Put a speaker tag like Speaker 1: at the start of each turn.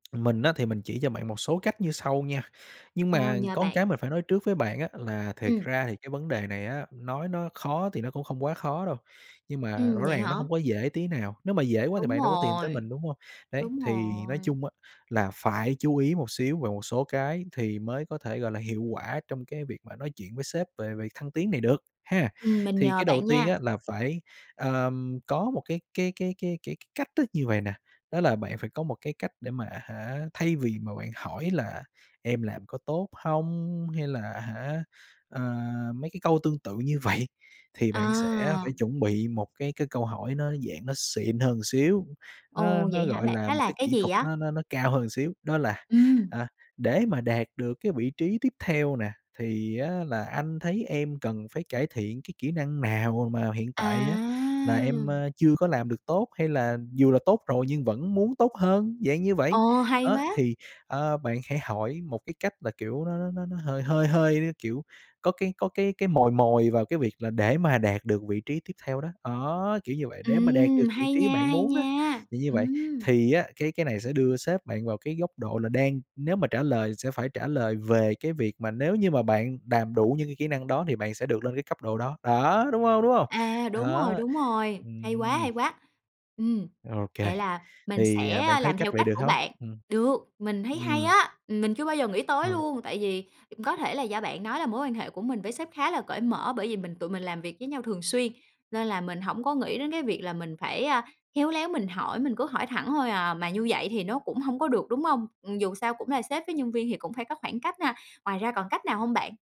Speaker 1: Mình á thì mình chỉ cho bạn một số cách như sau nha. Nhưng
Speaker 2: Ờ,
Speaker 1: mà
Speaker 2: nhờ
Speaker 1: có một
Speaker 2: bạn.
Speaker 1: cái mình phải nói trước với bạn á, là thiệt
Speaker 2: Ừm.
Speaker 1: ra thì cái vấn đề này á, nói nó khó thì nó cũng không quá khó đâu, nhưng mà
Speaker 2: Ừm,
Speaker 1: rõ
Speaker 2: vậy
Speaker 1: ràng là
Speaker 2: hả?
Speaker 1: nó hông có dễ tí nào, nếu mà dễ quá thì
Speaker 2: Đúng
Speaker 1: bạn đâu có tìm tới
Speaker 2: rồi,
Speaker 1: mình, đúng hông? Đấy,
Speaker 2: đúng
Speaker 1: thì nói
Speaker 2: rồi.
Speaker 1: chung á là phải chú ý một xíu về một số cái thì mới có thể, gọi là, hiệu quả trong cái việc mà nói chuyện với sếp về việc thăng tiến này được, ha.
Speaker 2: Ừm. Mình
Speaker 1: Thì
Speaker 2: nhờ
Speaker 1: cái đầu
Speaker 2: bạn
Speaker 1: tiên
Speaker 2: nha.
Speaker 1: á là phải, àm, có một cái cái cái cái cái cái cách thức như vầy nè, đó là bạn phải có một cái cách để mà à hả, thay vì mà bạn hỏi là "Em làm có tốt hông?" Hay là à hả, ờ, mấy cái câu tương tự như vậy, thì bạn sẽ
Speaker 2: À.
Speaker 1: phải chuẩn bị một cái cái câu hỏi nó, dạng, nó xịn hơn một xíu, nó
Speaker 2: Ồ, vậy
Speaker 1: nó,
Speaker 2: hả
Speaker 1: gọi
Speaker 2: bạn?
Speaker 1: là,
Speaker 2: Nó
Speaker 1: một
Speaker 2: là
Speaker 1: cái
Speaker 2: cái
Speaker 1: kỹ
Speaker 2: gì
Speaker 1: thuật
Speaker 2: á?
Speaker 1: nó nó nó cao hơn một xíu, đó là
Speaker 2: Ừm.
Speaker 1: "À, để mà đạt được cái vị trí tiếp theo nè, thì á là anh thấy em cần phải cải thiện cái kỹ năng nào m mà hiện tại á là em,
Speaker 2: À!
Speaker 1: ơ, chưa có làm được tốt?" Hay là "Dù là tốt rồi nhưng vẫn muốn tốt hơn?" Dạng như vậy.
Speaker 2: Ồ, hay
Speaker 1: Đó,
Speaker 2: quá!
Speaker 1: thì, ờ, bạn hãy hỏi một cái cách là, kiểu, nó nó nó nó hơi hơi hơi, kiểu, có cái có cái cái mồi mồi vào cái việc là để mà đạt được vị trí tiếp theo đó, đó, kiểu như vậy, để mà đạt
Speaker 2: Ừm,
Speaker 1: được vị
Speaker 2: hay
Speaker 1: trí
Speaker 2: nha,
Speaker 1: bạn
Speaker 2: hay
Speaker 1: muốn á.
Speaker 2: nha,
Speaker 1: Thì như vậy,
Speaker 2: ừm.
Speaker 1: thì á cái cái này sẽ đưa sếp bạn vào cái góc độ là đang nếu mà trả lời sẽ phải trả lời về cái việc mà nếu như mà bạn đàm đủ những cái kỹ năng đó thì bạn sẽ được lên cái cấp độ đó. Đó, đúng hông, đúng hông?
Speaker 2: À, đúng rồi,
Speaker 1: Đó,
Speaker 2: đúng rồi, hay quá,
Speaker 1: ừm.
Speaker 2: hay quá. Ừm,
Speaker 1: Ô kê,
Speaker 2: vậy là mình
Speaker 1: thì,
Speaker 2: sẽ,
Speaker 1: à, bạn
Speaker 2: a,
Speaker 1: thấy
Speaker 2: làm
Speaker 1: cách
Speaker 2: theo
Speaker 1: vậy
Speaker 2: cách
Speaker 1: được
Speaker 2: của
Speaker 1: hông?
Speaker 2: bạn.
Speaker 1: Ừm.
Speaker 2: Được, mình thấy hay
Speaker 1: Ừm.
Speaker 2: á, mình chưa bao giờ nghĩ tới
Speaker 1: Ờ.
Speaker 2: luôn, tại vì cũng có thể là do bạn nói là mối quan hệ của mình với sếp khá là cởi mở, bởi vì mình tụi mình làm việc với nhau thường xuyên nên là mình hổng có nghĩ đến cái việc là mình phải, à, khéo léo mình hỏi, mình cứ hỏi thẳng thôi à, mà như vậy thì nó cũng hông có được, đúng hông? Ừm, dù sao cũng là sếp với nhân viên thì cũng phải có khoảng cách ha? Ngoài ra còn cách nào hông bạn?